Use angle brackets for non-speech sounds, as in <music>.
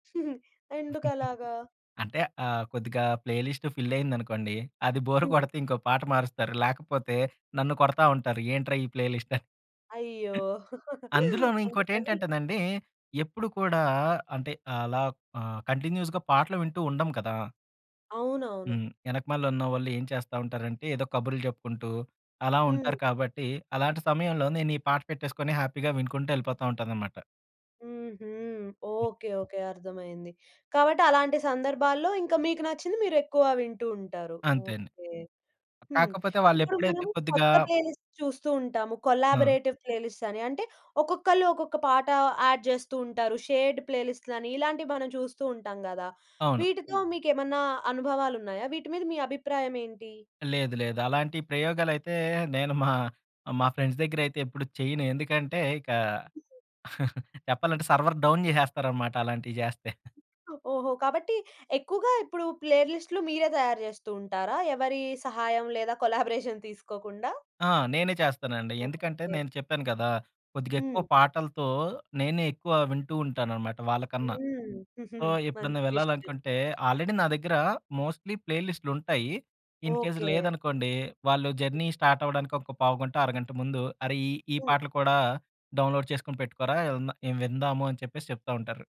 హుహు. ఎందుకలాగా? <chuckles> అంటే ఆహ్, కొద్దిగా ప్లే లిస్ట్ ఫిల్ అయిందనుకోండి. అది బోర్ హ్మ్. కొడితే ఇంకో పాట మారుస్తారు. లేకపోతే నన్ను కొడతా ఉంటారు ఏంట్రా! ఈ ప్లే లిస్ట్ అ అయ్యో! <laughs> అందులోను అందుకని ఇంకోటేంటంటేనండి ఎప్పుడు కూడా అంటే అలా ఆహ్, కంటిన్యూస్‌గా పాటలు వింటూ ఉండం కదా! అవునవును. హ్మ్. వెనకమాలున్నవాళ్ళు ఏం చేస్తా ఉంటారంటే ఏదో కబుర్లు చెప్పుకుంటూ, అలా హ్మ్. ఉంటారు కాబట్టి. అలాంటి సమయంలో నేను ఈ పాట పెట్టేసుకొని హ్యాపీగా వినుకుంటూ వెళ్ళిపోతా ఉంటాననమాట. హుహు. Okay, okay. అర్థమయింది. కాబట్టి అలాంటి సందర్భాల్లో ఇంకా మీకు నచ్చింది మీరెక్కువ వింటూ ఉంటారు. అంతే అండి. ఓకే. హ్మ్. కాకపోతే ఇప్పుడు వాళ్ళెప్పుడైతే మనం కొద్దిగా కొత్త ప్లేలిస్ట్ చూస్తూ ఉంటాము. ఆ! కొలాబరేటివ్ ప్లేలిస్ట్ అని అంటే ఒక్కొక్కళ్ళు ఒక్కొక్క పాట యాడ్ చేస్తూ ఉంటారు. షేర్డ్ ప్లేలిస్ట్‌లని ఇలాంటివి మనం చూస్తూ ఉంటాం కదా! అవును. వీటితో మీకేమన్నా అనుభవాలున్నాయా? వీటి మీద మీ అభిప్రాయం ఏంటి? లేదు లేదు. అలాంటి ప్రయోగాలైతే నేను మా, మా ఫ్రెండ్స్ దగ్గరైతే ఎప్పుడు చేయను. ఎందుకంటే ఇక <giggles> చెప్పాలంటే సర్వర్ డౌన్ చేసేస్తారన్నమాట అలాంటివి చేస్తే. <giggles> ఓహో! కాబట్టి ఎక్కువగా ఇప్పుడు ప్లే లిస్ట్‌లు మీరే తయారు చేస్తూ ఉంటారా? ఎవరి సహాయం లేదా <giggles> కొలాబరేషన్ తీసుకోకుండా? ఆ! నేనే చేస్తానండి. ఎందుకంటే, ఓకే. నేను చెప్పాను కదా! కొద్దిగా ఎక్కువ హ్మ్. పాటలతో నేనే ఎక్కువ వింటూ ఉంటాననమాట వాళ్ళకన్నా. హ్మ్. సో, <chuckles> ఎప్పుడన్నా మంచి విషయం. వెళ్ళాలనుకుంటే, ఆల్రెడీ నా దగ్గర మోస్ట్‌లీ ప్లే లిస్ట్‌లుంటాయి. In case okay. లేదనుకోండి, వాళ్ళు జర్నీ స్టార్ట్ అవ్వడానికి ఒక పావుగంటొ, అరగంట ముందు "అరె! ఈ ఈ హ్మ్. పాటలు కూడా డౌన్‌లోడ్ చేసుకొని పెట్టుకోరా ఇవి విందాము" అని చెప్పేసి చెప్తా ఉంటారు.